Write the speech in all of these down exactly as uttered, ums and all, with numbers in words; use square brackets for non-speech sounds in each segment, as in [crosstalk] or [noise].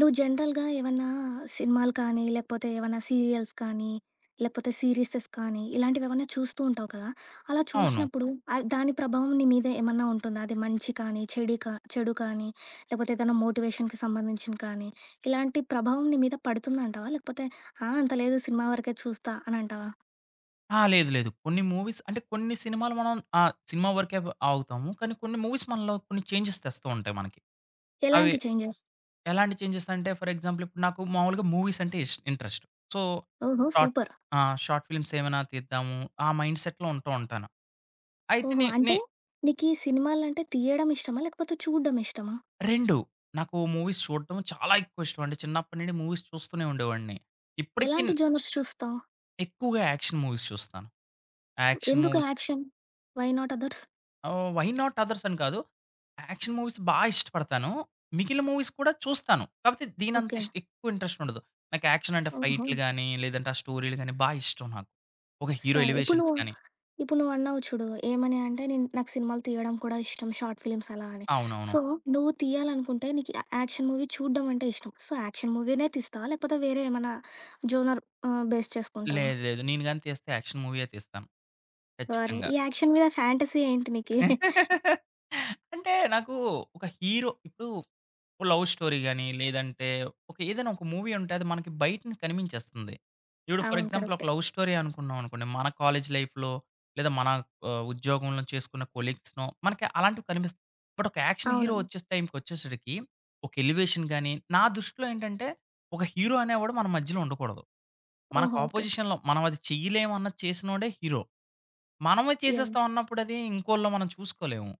నువ్వు జనరల్‌గా ఏవన్నా సినిమాలు కానీ, లేకపోతే ఏమన్నా సీరియల్స్ కానీ, లేపోతే సీరిసెస్ కానీ ఇలాంటివేమన్నా చూస్తూ ఉంటావు కదా! అలా అవును. చూసినప్పుడు అది దాని ప్రభావం నీ మీద ఏమన్నా ఉంటుందా? అది మంచి కానీ చెడే కా చెడు కానీ లేపోతే ఏదైనా మోటివేషన్‌కి సంబంధించింది కానీ ఇలాంటి ప్రభావం నీ మీద పడుతుందంటావా? లేకపోతే ఆహ్, అంత లేదు సినిమా వరకే చూస్తా అనంటావా? ఆ! లేదు లేదు. కొన్ని మూవీస్ అంటే కొన్ని సినిమాలు మనం ఆహ్, సినిమా వరకే ఆగుతాము. కానీ కొన్ని మూవీస్ మనలో కొన్ని చేంజెస్ తెస్తూ ఉంటాయి మనకి. అవి ఎలాంటి చేంజెస్? ఎలాంటి చేంజెసంటే ఫర్ ఎగ్జాంపుల్ ఇప్పుడు నాకు మాములుగా మూవీస్ అంటే ఇష్ ఇంట్రెస్ట్. సో ఓహో! Short super. ఆహ్, షార్ట్ ఫిలి‌మ్సేమైనా తీద్దాము. ఆ మైండ్‌సెట్‌లో ఉంటూ ఉంటాను. అయితే ఓహో! నే నే అంటే నీకీ సినిమాలంటే తీయడం ఇష్టమా? లేకపోతే చూడ్దం ఇష్టమా? రెండు నాకు మూవీస్ చూడ్డము చాలా ఎక్కువ ఇష్టమండి. చిన్నప్పుడి నుండి మూవీస్ చూస్తూనే ఉండేవాడిని. ఇప్పుడికిన్ ఎలాంటి జోనర్స్ చూస్తావు? ఎక్కువగా యాక్షన్ మూవీస్ చూస్తాను. యాక్షన్ ఎందుకు movies action? Why not others? Ah, why not అదర్సని కాదు. యాక్షన్ మూవీస్ బా ఇష్టపడతాను. మిగిలిన మూవీస్ కూడా చూస్తాను. కాపోతే దీనంత ఓకే. ఇష్క్ ఎక్కువ ఇంట్రెస్టుండదు. నాకు యాక్షన్ అంటే ఫైట్లు ఓహో! గానీ, లేదంటే ఆ స్టోరీలు గానీ, బా ఇష్టం నాకు. ఒక హీరో సరే. ఇప్పుడు ఎలివేషన్స్ నువ్వు గానీ. ఇప్పుడు నువ్వన్నావు చూడు. ఏమనీ అంటే నేను నాకు సినిమాలు తీయడం కూడా ఇష్టం. షార్ట్ ఫిలి‌మ్స్ అలా అని. అవునవును. సో నువ్వు తీయాలనుకుంటే నీకు య యాక్షన్ మూవీ చూడ్డం అంటే ఇష్టం. సో యాక్షన్ మూవీ‌నే తీస్తావా? లేకపోతే వేరే ఏమైనా జోనర్ ఆహ్, బేస్ చేసుకుంటావా? లేదు లేదు. నేను గానీ తీస్తే యాక్షన్ మూవీయే తీస్తాను. ఓర్‌‌ని! ఖచ్చితంగా. ఈ యాక్షన్ మీద ఫ్యాంటసీ ఏంటి నీకు? [giggles] [laughs] అంటే నాకు ఒక హీరో ఇప్పుడు ఓ లవ్ స్టోరీ గానీ, లేదంటే ఒక ఏదైనా ఒక మూవీ ఉంటే అది మనకి బయట నించి కనిపించేస్తుంది. ఇప్పుడు ఫర్ అవును. ఎగ్జాంపుల్ ఒక కరెక్టే. లవ్ స్టోరీ అనుకున్నాం అనుకోండి, మన కాలేజీ లైఫ్‌లో లేదా మన ఆహ్, ఉద్యోగంలో చేసుకున్న కొలీగ్స్‌నో మనకి అలాంటివి కనిపిస్తాయి. బట్ ఒక యాక్షన్ హీరో అవును. వచ్చేస్ టైంకొచ్చేసరికి ఒక ఎలివేషన్ గానీ నా దృష్టిలో ఏంటంటే ఒక హీరో అనేవాడు మన మధ్యలో ఉండకూడదు. మనకు ఓహో! ఓకే. అపోజిషన్‌లో మనమది చెయ్యలేము అన్నది చేసినోడే హీరో. మనమే ఎన్ చేసేస్తాం అన్నప్పుడది ఇంకోళ్ళో మనం చూసుకోలేము.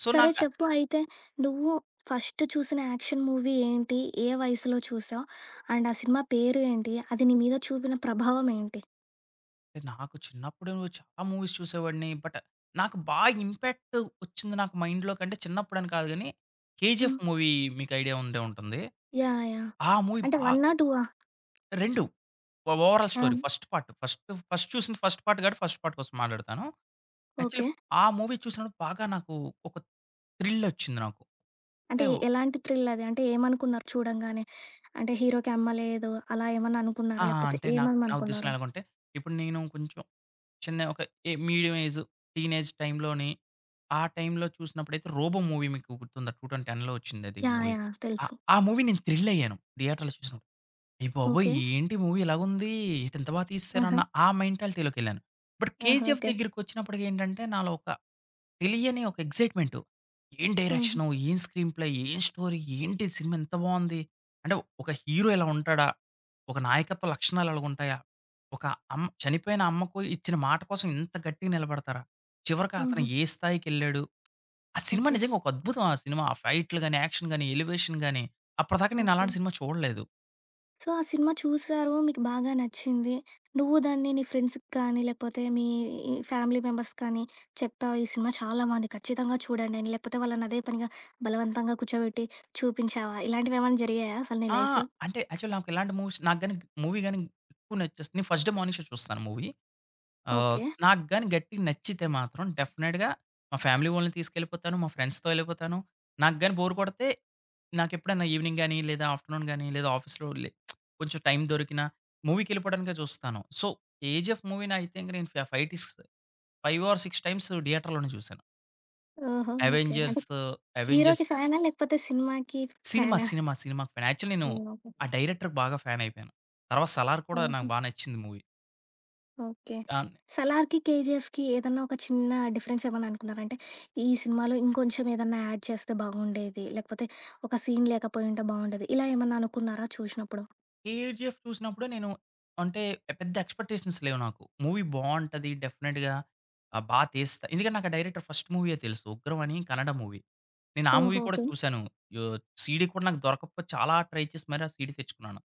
సో సరే, నాకా చెప్పు అయితే, నువ్వు ఫస్ట్ చూసిన యాక్షన్ మూవీ ఏంటి? ఏ వయసులో చూసావు? అండ్ ఆ సినిమా పేరేంటి? అది నీ మీద చూపిన ప్రభావం ఏంటి? నాకు చిన్నప్పుడే ఉచ్ చాలా మూవీస్ చూసేవాడిని. బట్, నాకు బాగా ఇంపాక్ట్ ఒచ్చింది నాకు మైండ్‌లో కంటే, చిన్నప్పుడని కాదు గాని, 'కేజీఎఫ్' హ్మ్. మూవీ మీకు ఐడియా ఉండే ఉంటుంది. యాహ్! యాహ్! ఆ మూవీ అంటే బా వన్నా? టూ ఆ? రెండు ఓ ఓవరాల్ ఆ! స్టోరీ. హ్మ్. ఫస్ట్ పార్ట్, ఫస్ట్ ఫస్ట్ చూసింది ఫస్ట్ పార్ట్ గాబట్టి ఫస్ట్ పార్ట్ కోసం మాటాడతాను. Actually okay. ఆ మూవీ చూసినప్పుడు బాగా నాకు ఒక థ్రిలొచ్చింది నాకు. అంటే ఏవ్ ఎలాంటి థ్రిలది? అంటే, ఏమనుకున్నారు చూడంగానే? అంటే హీరోకి అమ్మలేదు, అలా ఏమన్నా ఆ! అనుకున్నారా లేకపోతే అంటే నాక్ నా ఉద్దేశంలో ఏమేమనుకున్నారు? ఎలాగంటే, ఇప్పుడు నేను కొంచెం చిన్న ఒక ఎ మీడియం ఏజ్, టీనేజ్ టైమ్‌లోని ఆ టైంలో చూసినప్పుడైతే 'రోబో' మూవీ మీకు గుర్తుందా టూ తౌసండ్ టెన్‌లో ఒచ్చింది అది యాహ్! మూవీ. యాహ్! ఆ! తెలుసు. ఆ మూవీ నేను థ్రిలయ్యాను థియేటర్‌లో చూసినప్పుడు అయ్యబాబోయ్! ఓకే. ఏంటి మూవీ ఇలాగ ఉంది! ఏటి ఇంత బా ఆహా! తీసేసారన్న ఆ మెంటాలిటీ‌‌లోకెళ్ళాను. బట్ ఆహా! 'కేజీఎఫ్' ఓకే. దగ్గరికొచ్చినప్పటికెంటంటే, నాలో ఒక తెలియని ఒక ఎగ్జైట్‌మెంటు, ఏం హుహు. డైరెక్షను, ఏం స్క్రీన్‌ ప్లే‌, ఏం స్టోరీ! ఏంటి ఇది సినిమా ఇంత బావుంది. అంటే ఒక హీరో ఇలా ఉంటాడా, ఒక నాయకత్వ లక్షణాలు ఇలగా ఉంటాయా, ఒక అమ్ చనిపోయిన అమ్మకు ఇచ్చిన మాట కోసం ఇంత గట్టిగా నిలబడతారా, చివరికి అతను హుహు. ఏ స్థాయికెళ్ళాడు, ఆ సినిమా ఓకే. నిజంగా ఒక అద్భుతం. ఆ సినిమా ఆ ఫైట్‌లు‌గాని, యాక్షన్‌గాని, ఎలివేషన్‌గాని అప్పటిదాకా నేను ఓకే. అలాంటి సినిమా చూడలేదు. సో ఆ సినిమా చూసారు. మీకు బాగా నచ్చింది. నువ్వు దాన్ని నీ ఫ్రెండ్స్‌కి కానీ లేపోతే మీ ఇ ఫ్యామిలీ మెంబర్స్‌కి కానీ చెప్పావు ఈ సినిమా చాలా బావుంది ఖచ్చితంగా చూడండని లేకపోతే వాళ్ళని అదే పనిగా బలవంతంగా కూర్చోబెట్టి చూపించావా? ఇలాంటివి ఏమైనా జరిగాయా అసలు నీ ఆ! లైఫ్‌లో? అంటే యాక్చువల్లీ నాకు ఇలాంటి మూవీస్ నాకు గాని మూవీ గాని ఎక్కువ నచ్చేస్తే నేను ఫస్ట్ డే మార్నింగ్ షో చూస్తాను మూవీ. Ah, okay. నాకు గాని గట్టిగా నచ్చితే మాత్రం డెఫినిట్‌గా మా ఫ్యామిలీ వోళ్ళని తీసుకెళ్ళిపోతాను. మా ఫ్రెండ్స్‌తో ఎళ్ళిపోతాను. నాకు గాని బోర్ కొడితే నాకు ఎప్పుడైనా ఎవెనింగ్ గాని లేదా ఆఫ్టర్‌నూన్ గాని లేదా ఆఫీసులో లే [smacks lips] కొంచెం టైమ్ దొరికినా మూవీకెళ్ళిపోవడానికే చూస్తాను. సో 'కేజీఎఫ్' మూవీనయితే నేను ఫ్యా ఫైటిస్ ఫైవ్ ఆర్ సిక్స్ టైమ్స్ థియేటర్‌లోనే చూసాను. ఓహో! ఓకే. అంటే ఎవెంజర్సు ఎవెంజర్స్. హీరోకి ఫ్యానా? లేకపోతే సినిమాకి ఫ్ సినిమా! ఫ్యానా? సినిమా! సినిమా! ఫ్యాన్ యాక్చువలి నేను సినిమా ఆ డైరెక్టర్‌కి బాగా ఫ్యాన్ అయిపోయాను. తర్వాత సలార్ కూడా నాకు హుహు. బాగా నచ్చింది మూవీ. ఓకే. టాన్ 'సలార్‌కీ', 'కేజీఎఫ్‌కీ' ఏదైనా ఒక చిన్న డిఫరెన్స్ ఏవన్నా అనుకున్నారా? అంటే ఈ సినిమాలో ఇంకొంచెం ఏదైనా ఆడ్ చేస్తే బాగుండేది. లేకపోతే ఒక సీన్ లేకపోయింటే బాగుండేది. ఇలా ఏమన్నా అనుకున్నారా చూసినప్పుడు? 'కేజీఎఫ్' చూసినప్పుడే నేను అంటే పెద్ద ఎక్స్‌పెక్టేషన్స్ లేవు నాకు. మూవీ బావుంటది డెఫినిట్‌గా ఆహ్, బాగా తీస్తా ఎందుకంటే నాకు ఆ డైరెక్టర్ ఫస్ట్ మూవీయే తెలుసు. ఉగ్రం అని కనడం మూవీ. నేనా మూవీ ఓహో! కూడా ఓకే. చూసాను. యొ సీడీ కూడా నాకు దొరకకపోతే చాలా ట్రై చేసి మరి ఆ సీడీ తెచ్చుకున్నాను.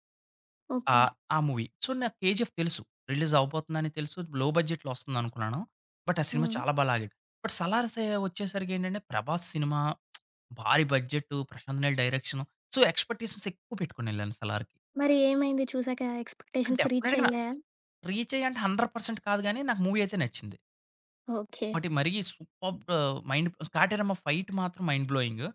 ఓకే. ఆహ్, ఆ మూవీ. సో నాకు 'కేజీఎఫ్' తెలుసు. రిలీజ్ అవ్వబోతుందని తెలుసు. లో బడ్జెట్‌లో ఒస్తుందనుకున్నాను బట్ ఆ సినిమా హ్మ్. చాలా బాగా లాగాడు. బట్ సలార్ సె ఒచ్చేసరికేంటంటే 'ప్రభాస్' సినిమా [smacks lips] భారీ budget 'Prashanth Neel' direction so expectations ఎక్కువ పెట్టుకొని ఎళ్ళాను 'సలార్‌కి'. మరి ఏమైంది చూసాక ఎక్స్‌పెక్టేషన్స్ రీచ్ డెఫినిట్‌గా అయ్యాయా? రీచ్ అయ్యి అంటే హండ్రెడ్ పర్సెంట్ కాదు గాని నాకు మూవీ అయితే నచ్చింది. ఓకే. వాటి మరి superb! Ah, mind Kateramma fight మాత్రం మైండ్ బ్లోయింగు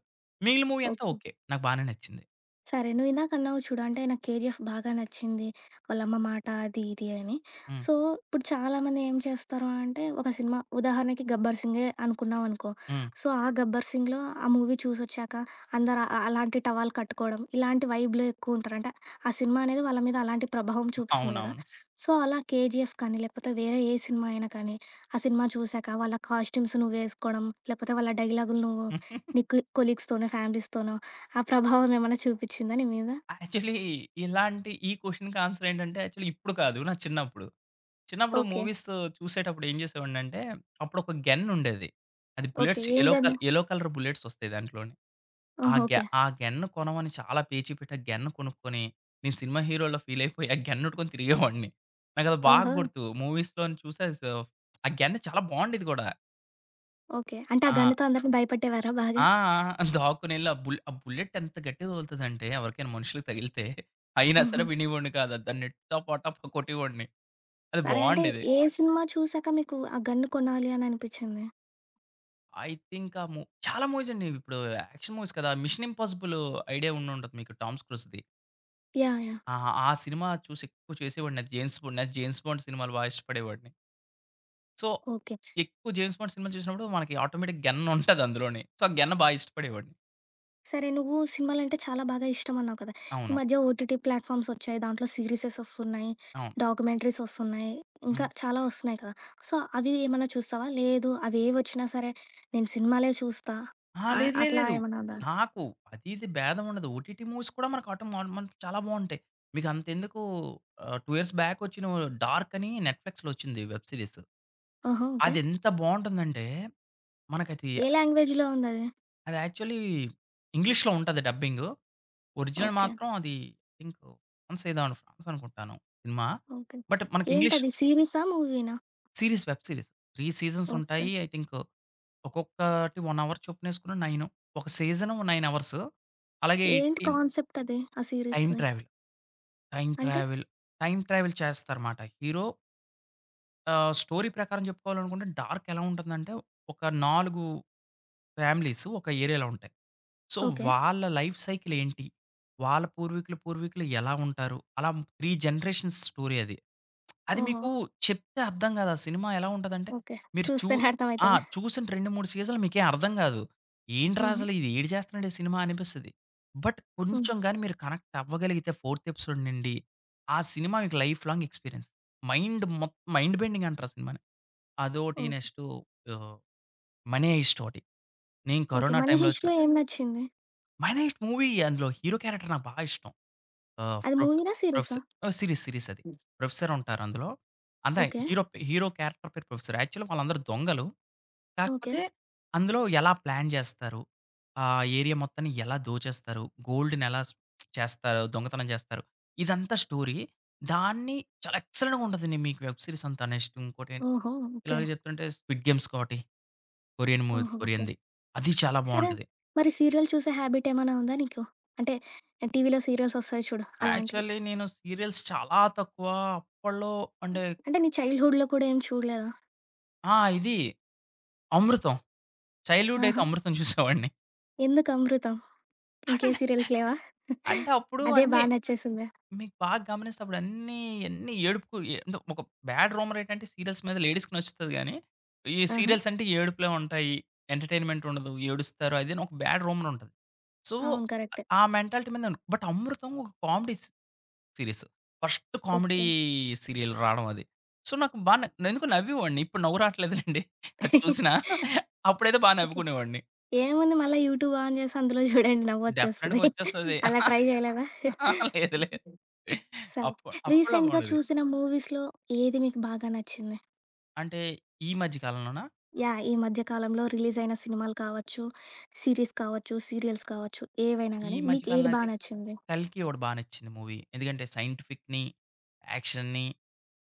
మిగిలిన మూవీ అంతా ఓకే. ఓకే. నాకు బానే నచ్చింది. సరే! నువ్వు ఇందాక అన్నావు చూడు. అంటే నాకు కేజీఎఫ్ బాగా నచ్చింది. వాళ్ళ అమ్మ మాట అది ఇది అని. హ్మ్. సో ఇప్పుడు చాలామంది ఏం చేస్తారు అంటే ఒక సినిమా ఉదాహరణకి గబ్బర్ సింగే అనుకున్నాం అనుకో. హ్మ్. సో ఆ గబ్బర్ సింగ్‌లో ఆ మూవీ చూసొచ్చాక అందరు అ అలాంటి టవల్ కట్టుకోవడం ఇలాంటివి వైబ్‌లో ఎక్కువ ఉంటారంటే ఆ సినిమా అనేది వాళ్ళ మీద అలాంటి ప్రభావం చూపిస్తుంది కదా! అవునవును. సో అలా కేజీఎఫ్ కానీ లేకపోతే వేరే ఏ సినిమా అయినా కానీ ఆ సినిమా చూశాక వాళ్ళ కాస్ట్యూమ్స్ నువ్వు ఏసుకోవడం లేకపోతే వాళ్ళ డైలాగులు నువ్వు [giggles] నీకు ఈ కొలీగ్స్‌తోనో ఫ్యామిలీస్‌తోనో ఆ [giggles] ప్రభావం ఏమన్నా చూపిచిందా నీమీద? యాక్చువలి ఇలాంటి ఈ క్వెషన్‌కి ఆన్సర్ ఏంటంటే యాక్చువలి ఇప్పుడు కాదు నా చిన్నప్పుడు, చిన్నప్పుడు ఓకే. మూవీసు చూసేటప్పుడు ఏం జేసేవాడినంటే అప్పుడు ఒక గెన్నుండేది. అది ఓకే. బుల్లెట్స్ ఏం యెల్లో క గన్ను? యెల్లో కలర్ బుల్లెట్స్ ఒస్తాయి దాంట్లోని. ఆ ఓహో! గ్య ఓకే. ఆ గ్యన్ కొనమని చాలా పేచి పెట్టి ఆ గ్యన్ కొనుక్కొని నేను సినిమా హీరోల ఫీల్ అయిపోయి ఆ గన్నెట్టుకొని తిరిగేవాడిని. నాకు అది బాగా ఓహో! గుర్తు మూవీస్‌లోన చూసి ఆ స ఆ గ్యన్నా చాలా బావుండేది గూడా. ఓకే. అంటే ఆ ఆ! గన్నుతో అందరిని భయపెట్టేవారా ఆ! బాగా? ఆ! [chuckles] దాక్కొనెళ్లి ఆ బు బుల్లెట్ ఎంత గట్టిగా తగులుతదంటే ఎవరికైనా మనుషులకి తగిలితే అయినా సరే హుహు. వినేవాడిని కాదు. దాన్ని టపా టపా కొట్టేవోడిని. అది అరే! అంటే బావుండేది. ఏ సినిమా చూసాక మీకు ఆ గన్ను కొనాలి అననిపిచింది? ఐ థింక్ ఆ మూ చాలా మూవీస్ అండి. ఇప్పుడు యాక్షన్ మూవీస్ కదా! మిషన్ ఇంపాసిబులు ఐడియా ఉండుంటది మీకు 'టామ్ క్రూయిజ్‌ది'. యాహ్! యాహ్! ఆహా! ఆ సినిమా చూసి ఎక్కువ చేసేవాడిని అది జేమ్స్ బాండ్ నా జేమ్స్ బాండ్ సినిమాలు బాగా ఇష్టపడేవాడిని. So, okay. ఎక్కువ జేమ్స్ బాండ్ సినిమాలు చూసినప్పుడు మనకి ఆటోమేటిక్ గెన్నుంటది అందులోని. సో, ఆ గెన్న బాగా ఇష్టపడేవాడిని. సరే, నువ్వు సినిమాలంటే చాలా బాగా ఇష్టం అన్నావు కదా! ఈ అవును. మధ్య ఓటీటీ ప్లాట్‌ఫార్మ్స్ ఒచ్చాయి దాంట్లో సిరీసెసొస్తున్నాయి, అవును. డాక్యుమెంటరీస్ ఒస్తున్నాయి ఇంకా హ్మ్. చాలా ఒస్తున్నాయి కదా! సో, అవి ఏమన్నా చూస్తావా? లేదు అవి ఏవోచ్చినా సరే నేను సినిమాలే చూస్తా, ఆ! ఆహ్, లేదు. లేదు. అట్లా లేదు. ఏమన్నా ఉందా? నాకు అది, ఇది బేదం ఉండదు. ఓటీటీ మూవీస్ కూడా మనకు ఆటో మన్ మం చాలా బాగుంటాయి. మీకంతెందుకు ఆహ్, టూ ఇయర్స్ బ్యాకొచ్చిన 'డార్క్' అని నెట్‌ప్లీక్స్‌లో ఒచ్చింది వెబ్ సీరీస్. ఓహో! ఓకే. అదేంత బావుంటుందంటే మనకది ఏ లాంగ్వేజ్‌లో ఉందది? అది యాక్చువలీ ఇంగ్లీష్‌లో ఉంటది డబ్బింగు. Original okay. మాత్రం అది ఇంకో వన్స్‌ ఏదో [unintelligible] అనుకుంటాను సినిమా. ఓకే. బట్ మనకి ఇంగ్లీష్ ఏంటది సీరిసా? మూవీ‌నా? Series, web series. Three seasons okay. ఉంటాయి ఐ థింక్ ఒక్కొక్కటి వన్ అవర్ చొప్పునేసుకున్న నైను. ఒక సీజను నైన్ అవర్స్ అలాగే ఏంటి ఎయిటీన్ కాన్సెప్ట్ అది. ఆ టైమ్ సీరీస్‌ది? ట్రావెల్. టైమ్ అంటే? ట్రావెల్, టైమ్ ట్రావెల్ చేస్తారు మాట హీరో ఆహ్, స్టోరీ ప్రకారం జెప్పుకోవాలనుకుంటే డార్క్ ఎలా ఉంటుందంటే ఒక నాలుగు ఫ్యామిలీసు ఒక ఏరియాలో ఉంటాయి. So okay. వాళ్ళ లైఫ్ సైకిల్ ఏంటి? వాళ్ళ పూర్వీకులు పూర్వీకులు ఎలా ఉంటారు? అలా త్రీ జనరేషన్స్ స్టోరీ అది. అది ఓహో! మీకు చెప్తే అర్థం గాదు. ఆ సినిమా ఎలా ఉంటదంటే ఓకే. మీరు చూ చూస్తేనే ఆ! అర్థమయితదా? చూసిన రెండు మూడు సీజన్‌లు మీకేం అర్థం గాదు. ఏంట్రా హుహు. అసలు ఇది ఏడి చేస్తున్నాడు ఈ సినిమానిపిస్తది. బట్ హ్మ్. కొంచెం గానీ మీరు కనెక్ట్ అవ్వగలిగితే ఫోర్త్ ఎపిసోడ్ నుండి ఆ సినిమా మీకు లైఫ్ లాంగ్ ఎక్స్‌పీరియన్స్. మైండ్ మొత్తం మైండ్ బెండింగంటారు ఆ సినిమాని. అదోకటి. ఓహ్! నెక్స్టు ఆహ్, 'మనీ హైస్ట్' ఒకటి. నేను ఓకే. కరోనా 'మనీ టైమ్‌లో చొ హిస్ట్‌లో' ఏం నచ్చింది? 'మనీ హైస్ట్' మూవీ అందులో హీరో క్యారెక్టర్ నాకు బాగా ఇష్టం. ఆహ్, అది ప్రొఫె మూవీనా? సిరీసా? ప్రొఫెసర్ ఆహ్, సీరీస్ సీరీసది. ప్రొఫెసర్ ఉంటారందులో అంత ఓకే. హీరో హీరో క్యారెక్టర్ పేరు ప్రొఫెసర్. యాక్చువలి వాళ్ళందరూ దొంగలు. ఓకే. కాకపోతే అందులో ఎలా ప్లాన్ జేస్తారు? ఆ ఏరియా మొత్తాన్ని ఎలా దోచేస్తారు? గోల్డ్‌నేలా చేస్తారు? దొంగతనం చేస్తారు? ఇదంతా స్టోరీ. దాన్ని చాలా ఎక్సలెంట్‌గా ఉంటదండి మీకు వెబ్ సీరీసంతా. నెక్స్ట్ ఇంకోటి ఓహో! ఇలా ఓకే. చెప్తుంటే స్విడ్ గేమ్స్ ఒకటి కొరియన్ మూవీ. ఓహో! ఓకే. కొరియన్‌ది. అది చాలా సరే బావుంటది. మరి సీరియల్ చూసే హాబిట్ ఏమైనా ఉందా నీకు? అంటే ఆహ్, టీవీలో సీరియల్సొస్తాయి చూడు అలాంటివి. యాక్చువల్లీ నేను సీరియల్స్ చాలా తక్కువ. అప్పట్లో అంటే అంటే నీ చైల్డ్‌హుడ్‌లో కూడా ఏమి చూడలేదా? ఆ! ఇది అమృతం. చైల్డ్‌హుడయితే ఆహా! అమృతం చూసేవాడిని. ఎందుకు అమృతం? ఇంకే [chuckles] సీరియల్స్ లేవా, అంటే అప్పుడు [chuckles] అదే బా అన్ని నచ్చేసిందా? మీకు బాగ గమనిస్తే అప్పుడన్ని అన్ని ఏడుపుకు ఒక బ్యాడ్ రూమర్ ఏంటంటే సీరియల్స్ మీద లేడీస్‌కి నచ్చుతది గాని, ఈ ఆహా! సీరియల్స్ అంటే ఏడుపులే ఉంటాయి, ఎంటర్‌టైన్‌మేం‌ట్ ఉండదు ఏడుస్తారు అదేను ఒక బ్యాడ్ రూమర్ ఉంటది. సో, అవును. ఆహ్, కరెక్టే. ఆ మెంటాలిటీ మీద బట్ అమృతం ఒక comedies series first comedy okay. Serial రాడం అది. సో, నాకు బా న ఎందుకో నవ్వి ఒడిని ఇప్పుడు నవ్వు రాట్లేదు లెండి అది చూసినా అప్పుడైతే [laughs] బా ఓకే. నవ్వుకునేవాడిని. ఏముంది మల్ల యూట్యూబు ఆన్ జేసి అందులో జూడండి నవ్వు డెఫినిట్‌గా ఒచ్చేస్తది ఒచ్చేస్తది. అలా ట్రై జేయలేదా? లేదు. లేదు. స అప్పు అప్పుడల్లో రీసెంట్‌గా బావుండేది. చూసిన మూవీస్‌లో ఏది మీకు బాగా నచ్చింది? అంటే ఈ మధ్య కాలంలోనా? యాహ్! ఈ మధ్య కాలంలో రిలీజయిన సినిమాలు కావచ్చు, సీరీస్ కావచ్చు, సీరియల్స్ కావచ్చు ఏవైనా ఈ గాని మధ్య మీకు కాలంలో ఏది బా నంటే నచ్చింది? కల్కి ఒకటి బా నచ్చింది మూవీ. ఎందుకంటే సైంటిఫిక్‌ని, యాక్షన్‌ని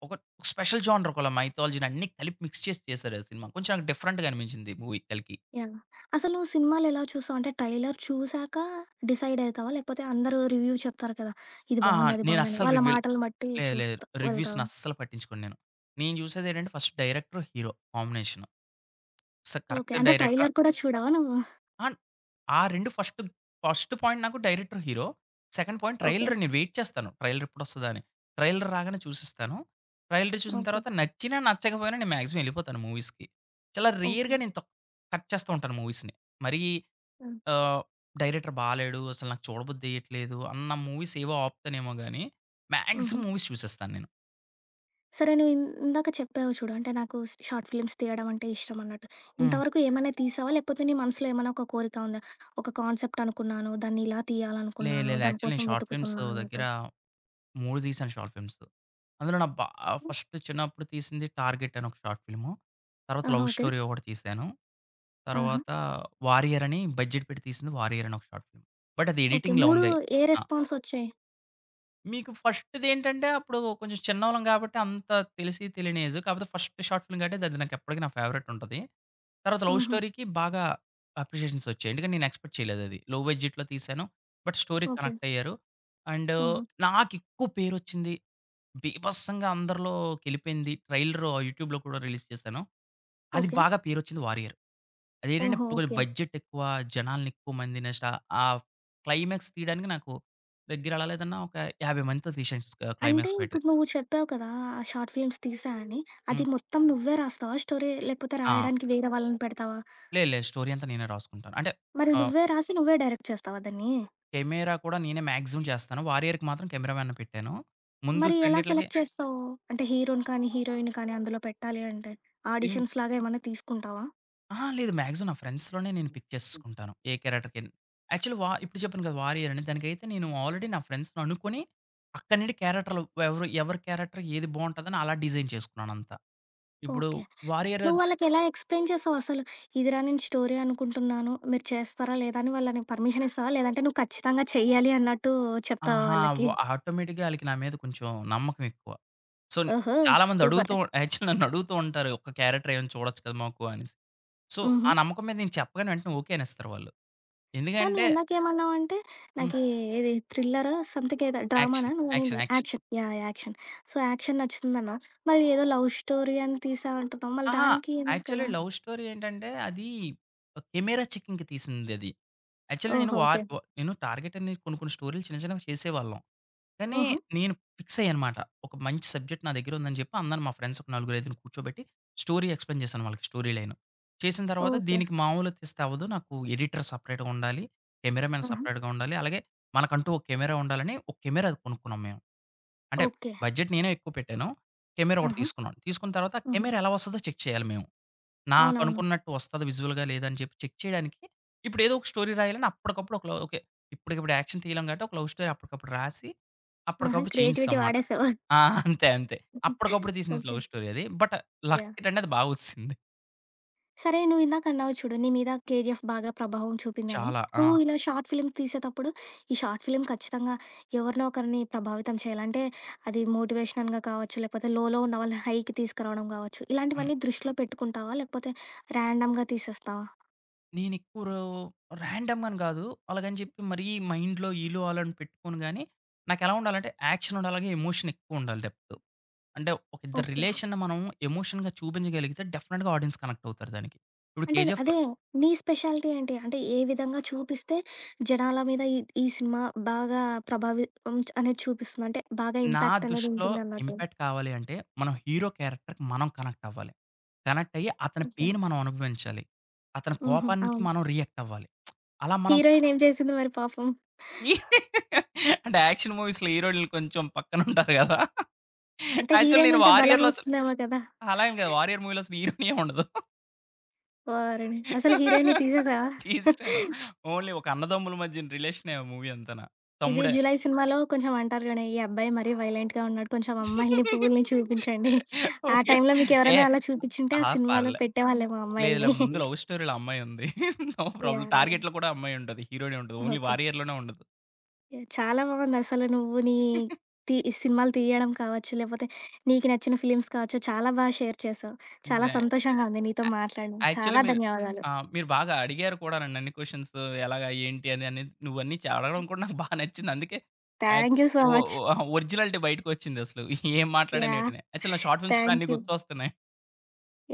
ఒక స్పెషల్ జోనర్ ఒక మైథాలజీ‌ని అన్ని కలిపి మిక్స్ చేసి చేశారు ఆ సినిమా కొంచెం డిఫరెంట్‌గా అనిపించింది మూవీ కల్కి. యాహ్! అసలు నువ్వు సినిమాలు ఎలా చూసావు? అంటే టైలర్ చూసాక డిసైడ్ అయితవా? లేకపోతే అందరూ రివ్యూ చెప్తారు కదా! ఇది ఆ! బావుంది, అది నేను బావుందని అస్సలు వాళ్ళ రివ్యూల్ మాటలు బట్టి లేదు లేదు. చూస్తా రివ్యూస్‌ని వెళ్తావా? అస్సలు పట్టించుకోను నేను. నేను జూసేదేంటంటే ఫస్ట్ డైరెక్టర్ హీరో కాంబినేషను. స ఓకే. కరెక్ట్ అంటే డైరెక్టరా? ట్రైలర్ కూడా చూడవా నువ్వు? అన్ ఆ రెండు ఫస్ట్, ఫస్ట్ పాయింట్ నాకు director, hero. Second point okay. Trailer నేను వైట్ చేస్తాను ట్రైలర్ ఎప్పుడు ఒస్తాదా అని. ట్రైలర్ రాగానే చూసేస్తాను. ట్రైలరు చూసిన ఓకే. తరువాత నచ్చినా నచ్చకపోయినా నేను మాక్సిమం యెళ్ళిపోతాను మూవీస్‌కి. చాలా ఓకే. రేర్‌గా నేను తక్ కట్ చేస్తూ ఉంటాను మూవీస్‌ని మరి హ్మ్. ఆహ్, డైరెక్టర్ బాలేడు అసలు నాకు చూడబుద్ధి ఏయ్యట్లేదు అన్న మూవీసేవో ఆపుతానేమో గాని మాక్సిమం హుహు. మూవీస్ చూసేస్తాను నేను. సరే నే ఇందాక చెప్పావు చూడు. అంటే నాకు స్ షార్ట్ ఫిల్మ్స్ తీయడం అంటే ఇష్టమన్నట్టు. హ్మ్. ఇంతవరకు ఏమైనా తీసావా? లేకపోతే నీ మనసులో ఏమన్నా ఒక కోరిక ఉందా? ఒక కాన్సెప్ట్ అనుకున్నాను, దాన్ని ఇలా లేదు తీయాలనుకున్నాను, లేదు. దాని యాక్చువల్లీ నేను కోసం షార్ట్ ఫిల్మ్స్ వెతుకుతున్నా దగ్గర అన్నట్టు. మూడు తీసాను షార్ట్ ఫిల్మ్సు. అందులో నా బా హ్మ్. ఫస్ట్ చిన్నప్పుడు తీసింది టార్గెట్ అని ఒక షార్ట్ ఫిల్ము. తర్వాత ఆహా! Love okay. స్టోరీ ఒకటి తీశాను. ఆహా! తర్వాత వారియర్ అని బడ్జెట్ పెట్టి తీసింది వారియర్ అని ఒక షార్ట్ ఫిల్మ్. బట్ అది ఓకే. ఎడిటింగ్‌లో మూడు ఉంది. ఏ ఆ! రెస్పాన్సొచ్చాయి? మీకు ఫస్ట్ దేంటంటే అప్పుడు కొంచెం చిన్నోళ్ళం గాబట్టి అంత తెలిసి తెలియని ఏజు. కాకపోతే ఫస్ట్ షార్ట్ ఫిల్మ్ గాబట్టి అది నాకెప్పటికి నా ఫేవరెటుంటది. తర్వాత లవ్ హుహు. స్టోరీ‌కి బాగా అప్రిషియేషన్సొచ్చాయి. ఎందుకంటే, నేను ఎక్స్‌పెక్ట్ చేయలేదది. లో బడ్జెట్‌లో తీసాను. బట్ స్టోరీ‌కి ఓకే. కనెక్టయ్యారు. అండ్ హుహు. నాకెక్కువ పేరొచ్చింది, బీభత్సంగా అందరిలో కెళ్ళిపోయింది, ట్రైలరు యూట్యూబ్‌లో కూడా రిలీజ్ చేశాను. అది ఓకే. బాగా పేరొచ్చింది వారియర్. అదేంటంటే, ఓహో! ఇప్పుడు ఓకే. బడ్జెట్ ఎక్కువ. జనాలని ఎక్కువ మంది నష ఆ క్లైమాక్స్ తీయడానికి నాకు దగ్గర ఎలా లేదన్నా ఒక యాభై మందితో తీశా ఆహ్, అంటే క్లైమాక్స్ ఫైటు. ఇప్పుడు నువ్వు చెప్పావు కదా! ఆ షార్ట్ ఫిల్మ్స్ తీశా అని. హ్మ్. అది మొత్తం నువ్వే రాస్తావా స్టోరీ? లేకపోతే ఆ! రాయడానికి వేరే వాళ్ళని పెడతావా? లేదు లేదు. స్టోరీ అంతా నేనే రాసుకుంటాను. అంటే మరి ఆహ్ నువ్వే రాసి నువ్వే డైరెక్ట్ చేస్తావా దాన్ని? కెమెరా కూడా నేనే మాక్సిమమ్ చేస్తాను. వారియర్‌కి మాత్రం క్యామెరా మ్యాన్‌ని పెట్టాను. ముందు మరీ ఎలా రెండిట్లకి సెలెక్ట్ చేస్తావు? అంటే హీరో‌ని కానీ హీరోయిన్ కానీ అందులో పెట్టాలి అంటే సింగ్ ఆడిషన్స్‌లాగా ఏమైనా తీసుకుంటావా? అహా! లేదు. మాక్సిమం నా ఫ్రెండ్స్‌లోనే నేను పిక్ చేసేసుకుంటాను. ఏ క్యారెక్టర్‌కెన్ యాక్చువల్లీ వా ఇప్పుడు చెప్పాను కదా! వారియర్ అని దానికైతే నేను ఆల్రెడీ నా ఫ్రెండ్స్‌ని అనుకోని అక్కడి నుండి క్యారెక్టరులు ఎవరు ఎవరి క్యారెక్టర్ ఏది బావుంటదని అలా డిజైన్ చేసుకున్నానంత. ఇప్పుడు ఓకే. వారియర్ నువ్వు అద్ వాళ్ళకెలా ఎక్స్‌ప్లెయిన్ చేసావు అసలు? "ఇది రా నేను స్టోరీ అనుకుంటున్నాను. మీరు చేస్తారా? లేదా?" అని వాళ్ళ పర్మిషన్ ఇస్తావా? "లేదంటే నువ్వు ఖచ్చితంగా చేయాలి" అన్నట్టు చెప్తావా ఆహా! వాళ్ళకి? వ ఆటోమేటిక్‌గా ఆళ్ళకి నా మీద కొంచెం నమ్మకం ఎక్కువ. సో న్ ఓహో! చాలామంది అడుగుతూ సూపర్! యాక్చువలి [chuckles] నన్ను అడుగుతూ ఉంటారు "ఒక్క క్యారెక్టర్ ఏమైనా చూడొచ్చు కదా! మాకు" అనేసి. సో ఆ హుహు. నమ్మకం మీద నేను చెప్పగానే వెంటనే ఓకేనేస్తారు వాళ్ళు. కానీ ఎందుకంటే నువ్విందాకేమన్నావంటే, హ్మ్. నాకీ ఇది థ్రిల్లరో, స‌మ్‌థింగ్ ఏదో, డ్రామనా యాక్షన్. నువ్వనింది? Action. Action. Action. Yeah! Action. So action నచ్చుతుందన్నావు. మరి ఏదో లవ్ స్టోరీ అని తీసావు అంటున్నావు. మళ్ళ అహా! దానికి యాక్చువల్లీ ఎందుకలా? లవ్ స్టోరీ ఏంటంటే అది ఒక కెమెరా చెకింగ్‌కి తీసిందది. యాక్చువల్లీ నేను ఓహో! War okay. వ నేను టార్గెట్ అనేది కొన్ని కొన్ని స్టోరీలు చిన్న చిన్నవి చేసేవాళ్ళం. కానీ హుహు. నేను ఫిక్స్‌య్యానమాట. ఒక మంచి సబ్జెక్ట్ నా దగ్గరుందని జెప్పి, అందరు మా ఫ్రెండ్స్ ఒక నలుగురు, ఐదుగురు కూర్చోబెట్టి, స్టోరీ ఎక్స్‌ప్లెయిన్ చేశాను వాళ్ళకి స్టోరీ లైను. చేసిన తర్వాత ఓకే. దీనికి మామూలుగా తీస్తే అవ్వదు, నాకు ఎడిటర్ సెపరేట్‌గా ఉండాలి. కెమెరామన్ హుహు. సెపరేట్‌గా ఉండాలి. అలాగే మనకంటూ ఒక కెమెరా ఉండాలని ఒక కెమెరా కొనుక్కున్నాం మేము. అంటే ఓకే. బడ్జెట్ నేనే ఎక్కువ పెట్టాను. కెమెరా ఒకటి హుహు. తీసుకున్నాను. తీసుకున్న తర్వాత ఆ హుహు. కెమెరా ఎలా వస్తుందో చెక్ చేయాలి మేము. అవునవును. నాకనుకున్నట్టు వస్తాది విజువల్‌గా లేదా అని చెప్పి చెక్ చేయడానికి, ఇప్పుడు ఏదో ఒక స్టోరీ రాయాలని అప్పటికప్పుడు ఒకల ఓకే. ఇప్పటికిప్పుడు యాక్షన్ తీయలేం కాబట్టి, ఒక లవ్ స్టోరీ అప్పటికప్పుడు రాసి, ఆహా! అప్పటికప్పుడు క్రియేటివిటీ చేయించేసాంమాట. వాడేసావు? [chuckles] ఆ! [chuckles] అంతే. అంతే. అప్పటికప్పుడు [giggles] తీసింది ఓకే. లవ్ స్టోరీ అది. But yeah! లక్కేంటంటే అది బాగొచ్చింది. సరే, నువ్వు ఇందాకన్నావు చూడు, నీ మీద 'కేజీఎఫ్' బాగా ప్రభావం చూపిందని, చాలా. నువ్వు ఆ! ఇలా షార్ట్ ఫిల్మ్స్ తీసేటప్పుడు ఈ షార్ట్ ఫిల్మ్ ఖచ్చితంగా ఎవరినో ఒకరిని ప్రభావితం చేయాలి. అంటే, అది మోటివేషనల్‌గా కావచ్చు, లేకపోతే లోలో ఉన్న వాళ్ళని హైకి తీసుకురావడం కావచ్చు హ్మ్. ఇలాంటివన్నీ దృష్టిలో పెట్టుకుంటావా? లేకపోతే, రాండమ్‌గా తీసేస్తావా? నేను ఎక్కువ రో రాండమ్ అని గాదు. అలాగని చెప్పి, మరీ మైండ్‌లో ఈళ్ళు, ఆళ్ళు అని పెట్టుకొని గాని, నాకు ఎలా ఉండాలి అంటే, యాక్షన్ ఉండాలిగా, ఎమోషనెక్కువుండాలి డెప్త్. అంటే ఒక ఇద్దరి ఓకే. రిలేషన్‌ని మనం ఎమోషన్‌గా చూపించగలిగితే, డెఫినిట్‌గా ఆడియన్స్ కనెక్టవుతారు దానికి. ఇప్పుడు అంటే దే 'కేజీఎఫ్‌లో' అదే నీ స్పెషాలిటీ ఏంటి? అంటే ఏ విధంగా చూపిస్తే, జనాల మీద ఈ ఈ సినిమా బాగా ప్రభావితం అనేది చూపిస్తుంది? అంటే బాగా నా ఇంపాక్టనేది దృష్టిలో ఉంటుందన్నట్టు. ఇంపాక్ట్ కావాలి అంటే, మనం హీరో క్యారెక్టర్‌కి మనం కనెక్టవ్వాలి. కనెక్టయ్యి అతని ఓకే. పెయిన్ మనం అనుభవించాలి, అతని హుహు. కోపానికి అవును. మనం రియాక్టవ్వాలి. [smacks lips] అలా మనం హీరోయినేమి చేసింది మరి పాపం? [laughs] అంటే యాక్షన్ మూవీస్‌లో హీరోయిన్‌లు కొంచెం పక్కన ఉంటారు గదా. అంటే యాక్చువల్ హీరోయిన్ నేను ఉంటే బలం 'వారియర్‌లో' అసలు వస్తుందేమో కదా! అలా ఏమి కాదు 'వారియర్' మూవీలో అసలు హీరోయినేమి ఉండదు. ఓరినీ! అసల హీరోయిన్‌ని తీసేసావా? తీసెసాను. [chuckles] ఓన్లీ ఒక అన్నదమ్ముల మధ్య రిలేషనే మూవీ అంతాన. ఇది తమ్ముడే! 'జులై' సినిమాలో కొంచెం అంటారు చూడండి. ఈ అబ్బాయి మరి వయోలెంట్‌గా ఉన్నాడు, కొంచెం అమ్మాయిల్ని, పువ్వులని చూపించండి, [chuckles] ఆ ఓకే. టైంలో ఎ మీకెవరైనా అలా చూపించుంటే ఆ ఆహా! సినిమాలో పర్లే. పెట్టే వాళ్ళేమో అమ్మాయిల్ని. లేదులే ముందు [chuckles] లవ్ స్టోరీలో అమ్మాయి ఉంది. [laughs] No problem. యాహ్! టార్గెట్‌‌లో కూడా అమ్మాయి ఉంటది. హీరోయినే ఉంటది. Only okay. 'వారియర్‌లోనే' ఉండదు. ఎ చాలా బాగుందసలు. నువ్వు నీ, [giggles] తి సినిమాలు తీయడం కావచ్చు. లేకపోతే, నీకు నచ్చిన ఫిల్మ్స్ కావచ్చు. చాలా బాగా షేర్ చేసావు. చాలా డ్రె యా సంతోషంగా ఉంది నీతో మాట్లాడడం. యాక్చువల్లీ చాలా మీరు ధన్యవాదాలు. ఆ! మీరు బాగా అడిగారు కూడా నన్ను అన్ని క్వశ్చన్స్‌ ఎలాగా, ఏంటి అని, నువ్వన్నీ చా అడగడం కూడా [chuckles] నాకు బా నచ్చింది. అందుకే, అక్ థాంక్యూ సో ఒ మచ్. ఒ ఒరిజినాలిటీ బయటికొచ్చింది అసలు. [chuckles] ఏం మాట్లాడాను యాహ్! ఏటినే యాక్చువల్ నా షార్ట్ ఫిల్మ్స్ కూడా అన్ని థాంక్యూ. గుర్తొస్తున్నాయి.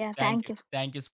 యాహ్! థాంక్యూ. థాంక్యూ. థాంక్యూ స్